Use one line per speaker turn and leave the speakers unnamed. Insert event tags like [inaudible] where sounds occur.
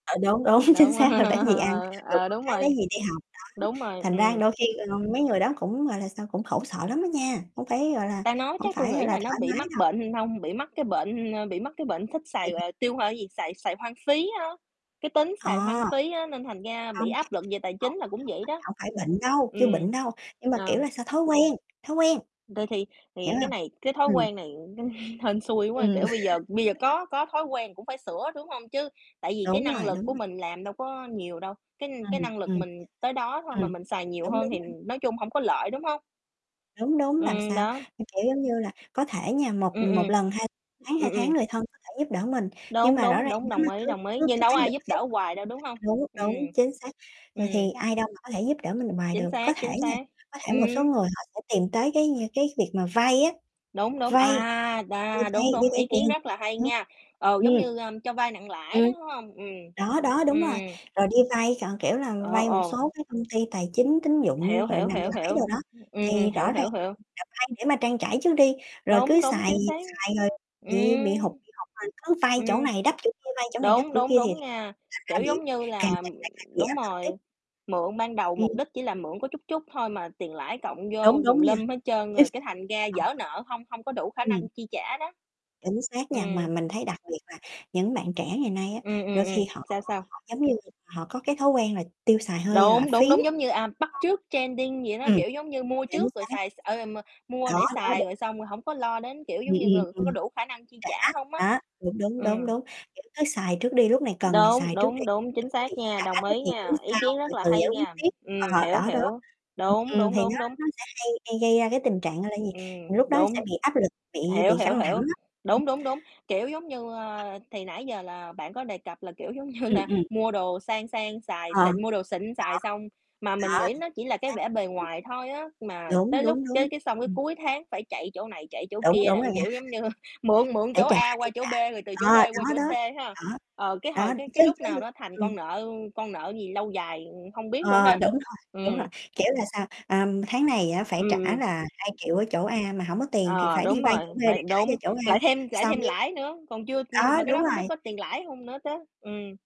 Ừ, đúng, đúng, chính
Đúng [laughs]
xác rồi lấy gì ăn,
ờ,
rồi
ờ,
con
đúng
cái lấy
rồi,
gì đi học. Đó,
đúng rồi,
thành ra
ừm.
đôi khi, ơ, mấy người đó cũng, gọi là sao, cũng khổ sợ lắm á nha, không phải, gọi là,
Ta nói
hổng
chắc tui
phải, gọi
nghĩ
là,
là nó
thoải
bị
mái
mắc
đâu.
bệnh [unintelligible] hông, bị mắc cái bệnh ơ, bị mắc cái bệnh thích xài,
[unintelligible]
ờ, tiêu hao gì, xài xài hoang phí á. Cái tính xài hoang
À,
phí á nên thành ra
hông
bị
[unintelligible]
áp lực về tài chính
hổng
là cũng vậy
phải
đó.
hổng phải bệnh đâu, chưa
Ừm,
bệnh đâu nhưng mà, kiểu,
ờ.
là sao, thói quen, thói quen.
Rồi, thì
Hiểu
thì cái
hông?
này cái thói
Ừm.
quen này [chuckles] hên xui quá,
Ừm.
kiểu, bây giờ bây giờ
[laughs]
có có thói quen cũng phải sửa, đúng hông? Chứ tại vì cái
Đúng
năng
rồi,
lực
đúng
của
rồi.
mình làm đâu có nhiều đâu, cái cái
Ừm,
năng lực
ừm.
mình tới đó thôi
Ừm,
mà mình xài nhiều
đúng, đúng
hơn thì,
rồi.
nói chung hổng có lợi, đúng không?
Đúng, đúng, làm
Ừm,
sao?
đó.
Cái kiểu, giống như là, có thể nha,
Ừm,
một
ừm,
một lần, hai tháng, 2
ừm,
tháng
ừm.
người thân có thể giúp đỡ mình. Nhưng
Đúng,
mà rõ
đúng,
ràng
đúng,
nếu mà
đồng ý,
cứ
đồng ý,
cứ
nhưng
cái
đâu có
thái độ
ai giúp đỡ
[unintelligible]
hoài đâu, đúng hông?
đúng,
Ừm,
đúng, chính xác. Rồi
ừm.
thì ai đâu mà có thể giúp đỡ mình hoài
Chính
được. Có
xác,
thể
chính
nha,
xác.
có thể một số
Ừm.
người họ sẽ tìm tới cái nh cái việc mà vay á,
Đúng, đúng,
vay
à,
[unintelligible] đi
đà,
vay
đúng,
đi
đúng,
vay
ý kiến
tiền.
rất là hay
Ừm,
nha! Ừ, giống
ừm,
như, ơ, cho vay nặng lãi đó,
ừm,
đúng hông? Ừm.
đó, đó, đúng
Ừm,
rồi,
ừm.
rồi đi vay c kiểu là,
Ờ,
vay một
ồ.
số cái công ty tài chính, tín dụng,
Hiểu,
rồi
hiểu,
nặng
hiểu,
lãi
hiểu,
đồ đó,
ừm, ừm,
thì
hiểu,
rõ ràng
hiểu, hiểu.
[unintelligible] là vay để mà trang trải trước đi, rồi cứ
Đúng, đúng,
xài
chính xác.
xài rồi bị bị hụt
Ừm,
bị hụt rồi cứ vay chỗ
ừm.
này đắp chỗ kia, vay chỗ này đắp
Đúng,
chỗ
đúng,
kia thì
đúng nha,
thành ra
kiểu, giống
bị-bị
như
càng
là
ngày lại càng bị
đúng
áp lực
rồi,
tiếp.
mượn ban đầu
Ừm.
mục đích chỉ là mượn có chút chút thôi mà tiền lãi cộng
Đúng,
vô tùm
đúng nha.
lum hết trơn
Chính
rồi cái
xác,
thành ra
ờ.
vỡ nợ hông hông có đủ khả
Ừm.
năng chi trả đó.
Chính xác nha,
Ừm.
mà mình thấy đặc biệt là những bạn trẻ ngày nay á
Ừm,
đôi
ừm,
khi
ừm,
họ
sao, sao?
họ, giống như, họ có cái thói quen là tiêu xài hơi là
Đúng,
phí
đúng, đúng,
á.
giống như, à, bắt trước trending gì đó,
[unintelligible] Ừm,
kiểu, giống như, mua
chính
trước rồi
xác, chính xác,
xài s
chính
ờ, ờ, m
xác.
mua
Đó,
để
đó,
xài
đúng.
rồi xong rồi không có lo đến kiểu
Ừm,
giống như,
ừm,
người có có
ừm.
đủ khả năng chi trả hông á.
Trả, đó, đúng, đúng,
Ừm.
đúng, đúng, kiểu, cứ xài trước đi, lúc này cần thì
Đúng,
xài trước đi.
đúng, đúng, chính
Còn cái
xác
việc
nha,
trả
đồng
đó
ý
thì tính
nha, ý
sau,
kiến
từ
rất là
từ
hay
giải quyết
nha.
tiếp.
Ừm,
Ờ,
hiểu,
đó, đó.
hiểu,
Ừm,
đúng,
ừm,
đúng,
thì nó
đúng, đúng.
nó sẽ hay hay gây ra cái tình trạng, gọi là gì,
Ừm,
lúc đó
đúng,
sẽ bị áp lực bị
hiểu,
bị
hiểu,
căng thẳng
hiểu,
á, ừm.
đúng, đúng, đúng. Kiểu, giống như,
Ừm.
ơ, thì nãy giờ là bạn có đề cập là, kiểu, giống như
Ừm,
là
ừm.
mua đồ sang sang xài
Ờ, đó,
xịn mua đồ xịn xài xong, mà mình
đó,
nghĩ nó chỉ là
chính
cái
xác.
vẻ bề
Ừm.
ngoài thôi á, mà
Đúng,
tới lúc
đúng,
cái
đúng,
cái xong cái
ừm.
cuối tháng phải chạy chỗ này, chạy chỗ
Đúng,
kia,
đúng rồi
đặng
nha.
kiểu, giống như, mượn
[chuckles]
mượn
Để
chỗ
trả,
A
để
qua
trả,
chỗ B, rồi từ chỗ
ờ,
B qua
đó,
chỗ C
đó,
ha,
đó,
ờ, cái
đó,
hồi cái
chứ
cái lúc
chứ
nào đó thành
ừm.
con nợ con nợ gì lâu dài hông biết luôn
Ờ,
ha.
đúng rồi, đúng rồi,
Ừm.
kiểu là sao, à, tháng này á, phải
Ừm,
trả
ừm.
là 2.000.000 ở chỗ A mà hổng có tiền thì
Ờ,
phải đi
đúng
vay
rồi,
chỗ B để
phải
trả cho
đúng,
chỗ A,
lại thêm lại
xong
thêm
cái
lãi nữa, còn chưa h
đó,
mà cái
đúng
đó hông biết
rồi.
có tiền lãi hông nữa chớ, ừm.